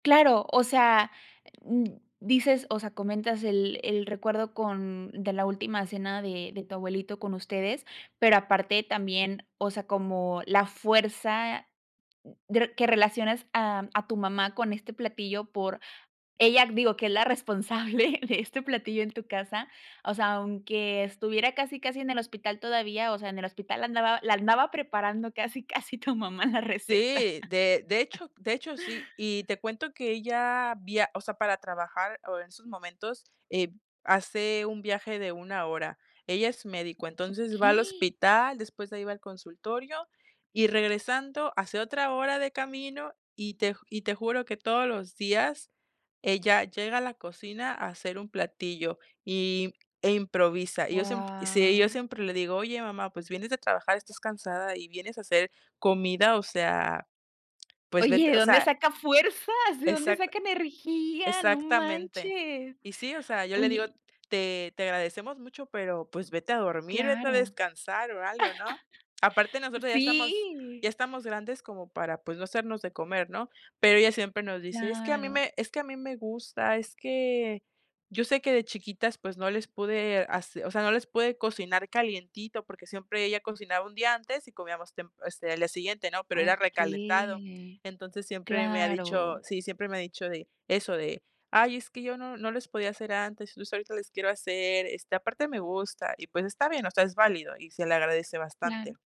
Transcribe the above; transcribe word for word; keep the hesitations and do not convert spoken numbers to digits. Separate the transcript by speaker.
Speaker 1: Claro, o sea, dices o sea, comentas el el recuerdo con de la última cena de de tu abuelito con ustedes, pero aparte también, o sea, como la fuerza, d que relaciones a a tu mamá con este platillo, por ella, digo, que es la responsable de este platillo en tu casa, o sea, aunque estuviera casi, casi en el hospital todavía o sea, en el hospital andaba la andaba preparando, casi, casi tu mamá, la receta.
Speaker 2: Sí, de de hecho de hecho, sí. Y te cuento que ella, viaj o sea, para trabajar, en esos momentos, hace un viaje de una hora. Ella es médico, entonces va al
Speaker 1: Okey.
Speaker 2: hospital, después de ahí va al consultorio, y regresando hace otra hora de camino. Y te y te juro que todos los días, ella llega a la cocina a hacer un platillo, y eh, improvisa. Yo, siemp sí, yo
Speaker 1: Guao.
Speaker 2: siempre le digo: "Oye, mamá, pues, vienes a trabajar, estás cansada y vienes a hacer comida, o sea, pues,
Speaker 1: Oye,
Speaker 2: vete",
Speaker 1: ¿de
Speaker 2: o
Speaker 1: dónde
Speaker 2: sea.
Speaker 1: saca fuerzas? ¿De dónde
Speaker 2: Exact
Speaker 1: saca energía? No
Speaker 2: exactamente.
Speaker 1: manches.
Speaker 2: Y sí, o sea, yo le digo:
Speaker 1: Oye.
Speaker 2: "Te te agradecemos mucho, pero, pues, vete a dormir, vete a
Speaker 1: Claro.
Speaker 2: descansar o algo", ¿no? Aparte, nosotras ya estamos
Speaker 1: Sí.
Speaker 2: ya estamos grandes como para, pues, no hacernos de comer, ¿no? Pero ella siempre nos dice: "Es que a mí
Speaker 1: Claro.
Speaker 2: me es que a mí me gusta, es que yo sé que de chiquitas, pues, no les pude, hacer o sea, no les pude cocinar calientito", porque siempre ella cocinaba un día antes y comíamos temp este, al día siguiente, ¿no? Pero era recalentado.
Speaker 1: Okey,
Speaker 2: Entonces siempre me ha dicho,
Speaker 1: claro.
Speaker 2: sí, siempre me ha dicho de eso, de: "Ay, es que yo no no les podía hacer antes, entonces ahorita les quiero hacer, este, aparte me gusta". Y, pues está bien, o sea, es válido y se le agradece
Speaker 1: Claro.
Speaker 2: bastante.